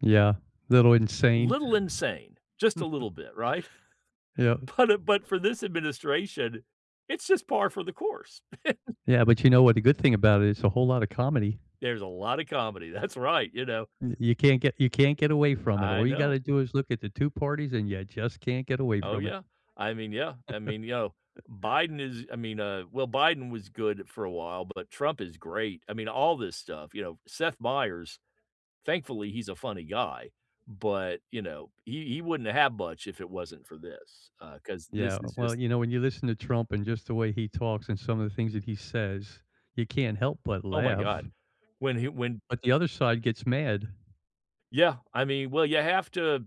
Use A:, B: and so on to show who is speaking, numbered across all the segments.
A: Yeah, a little insane.
B: Little insane, just a little bit, right?
A: Yeah.
B: But, uh, but, for this administration, it's just par for the course.
A: Yeah, but, you know what, the good thing about it it's a whole lot of comedy.
B: There's a lot of comedy, that's right, you know.
A: Y you can't get you can't get away from it.
B: I
A: All you
B: know.
A: gotta do is look at the 2 parties and you just can't get away
B: Oh,
A: from it.
B: yeah. I mean, yeah, I mean, you know, Biden is I mean, uh, well, Biden was good for a while, but, Trump is great. I mean, all this stuff, you know, Seth Meyers, thankfully, he's a funny guy, but, you know, he he wouldn't have much if it wasn't for this, uh, 'cause this
A: Yeah,
B: is
A: well,
B: just
A: you know, when you listen to Trump and just the way he talks and some of the things that he says, you can't help but
B: Oh, my god,
A: laugh.
B: when he when
A: But, the other side gets mad.
B: Yeah, I mean, well, you have to,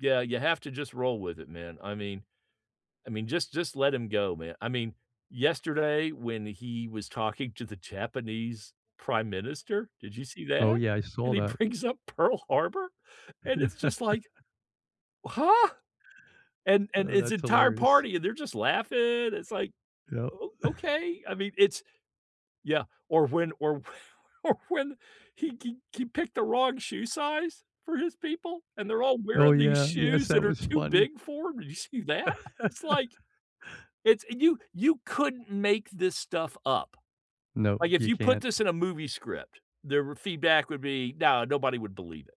B: yeah, you have to just roll with it, man. I mean, I mean, just just let him go, man. I mean, yesterday when he was talking to the Japanese Prime Minister, did you see
A: Oh,
B: that?
A: yeah, I
B: And
A: saw
B: he
A: that.
B: brings up Pearl Harbor, and it's just, like, huh? And and
A: Oh,
B: his
A: that's
B: entire
A: hilarious.
B: party, and they're just laughing, it's, like,
A: Yup.
B: o okay, I mean, it's, yeah, or when or or when he he he picked the wrong shoe size for his people, and they're all
A: Oh,
B: wearing these
A: yeah, yes,
B: shoes that
A: that
B: are
A: was
B: too
A: funny.
B: big for 'em, did you see that? It's, like, it's you you couldn't make this stuff up.
A: No,
B: Like, if
A: you
B: you put
A: can't.
B: this in a movie script, the feedback would be, no, nobody would believe it.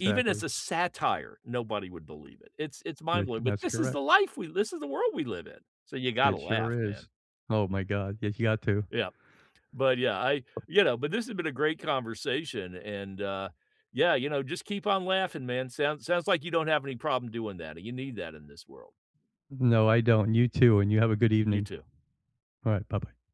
B: E even as a satire, nobody would believe it. It's it's
A: You're c
B: mind-blowing, but,
A: that's
B: this is the
A: correct.
B: life we li this is the world we live in, so you gotta
A: It sure
B: laugh, man.
A: is. Oh, my god, ye you got to.
B: Yeah. But, yeah, I, you know, but, this has been a great conversation and, uh, yeah, you know, just keep on laughing, man. Sounds sounds, like, you don't have any problem doing that, and you need that in this world.
A: No, I don't, and you too, and you have a good
B: You
A: evening.
B: too.
A: Alright, bye-bye.